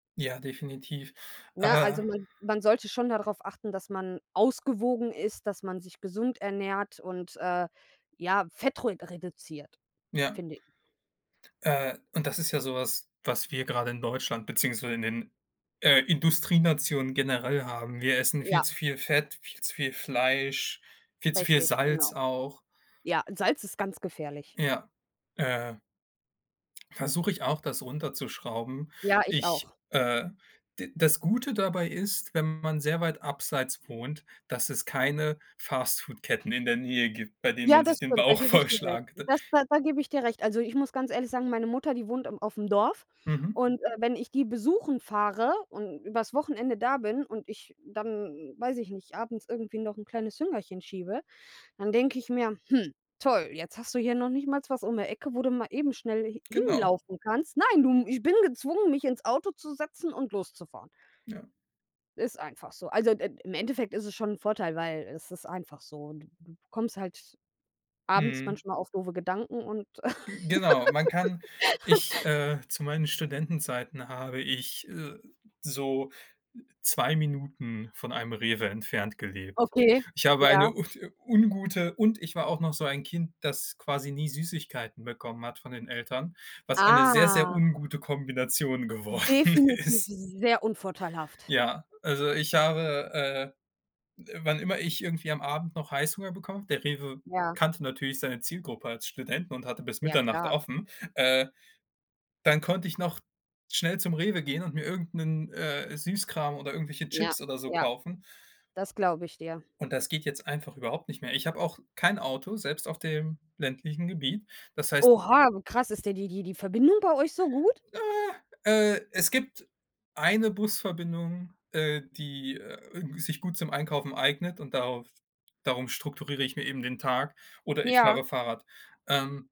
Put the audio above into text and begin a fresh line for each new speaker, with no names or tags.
Ja, definitiv.
Ne,
Äh
also, man man sollte schon da drauf achten, dass man ausgewogen isst, dass man sich gesund ernährt und, äh, ja, Fett ru reduziert,
Ja.
finde ich.
Äh, und das ist ja so was, was wir grade in Deutschland beziehungsweise in den, äh, Industrienationen generell haben. Wir essen viel
Ja.
zu viel Fett, viel zu viel Fleisch, viel zu viel
Richtig,
Salz
genau.
auch.
Ja, Salz ist ganz gefährlich.
Ja, äh Versuche ich auch, das runterzuschrauben.
Ja, ich
Ich,
auch.
äh d das Gute dabei ist, wenn man sehr weit abseits wohnt, dass es keine Fast Food Ketten in der Nähe gibt, bei denen
Ja,
man sich
das
den
stimmt. Da
Bauch
gebe ich dir recht.
vollschlag d
Das da da gebe ich dir recht. Also, ich muss ganz ehrlich sagen, meine Mutter, die wohnt im auf 'm Dorf,
Mhm.
und, äh, wenn ich die besuchen fahre und übers Wochenende da bin und ich dann, weiß ich nicht, abends irgendwie noch 'n kleines Hüngerchen schiebe, dann denke ich mir: „Hm, toll, jetzt hast du hier noch nicht mal was um die Ecke, wo du mal eben schnell h
Genau.
hinlaufen kannst.“ Nein, du, ich bin gezwungen, mich ins Auto zu setzen und loszufahren.
Ja.
Ist einfach so. Also, d äh, im Endeffekt ist es schon 'n Vorteil, weil es ist einfach so. Du Du kommst halt abends
Mhm.
manchmal auf doofe Gedanken und
G Genau, man kann ich, äh, zu meinen Studentenzeiten habe ich, äh, so 2 Minuten von einem Rewe entfernt gelebt.
Okay,
Ich habe
ja.
eine un ungute und ich war auch noch so ein Kind, das quasi nie Süßigkeiten bekommen hat von den Eltern, was eine sehr, sehr
Ah!
ungute Kombination geworden
Definitiv
ist.
sehr unvorteilhaft.
Ja, also, ich habe, äh äh, wann immer ich irgendwie am Abend noch Heißhunger bekommen habe, der Rewe
Ja.
kannte natürlich seine Zielgruppe als Studenten und hatte bis
Ja,
Mitternacht
klar.
offen, äh, dann konnte ich noch schnell zum Rewe gehen und mir irgend 'nen, äh, Süßkram oder irgendwelche
Ja,
Chips oder so
ja.
kaufen.
Das glaube ich dir.
Und das geht jetzt einfach überhaupt nicht mehr. Ich habe auch kein Auto, selbst auf dem ländlichen Gebiet. Das heißt
Oha, krass, ist da die die die Verbindung bei euch so gut?
Äh, äh, es gibt eine Busverbindung, äh, die, äh, sich gut zum Einkaufen eignet und darauf darum strukturiere ich mir eben den Tag oder ich
Ja.
fahre Fahrrad, ähm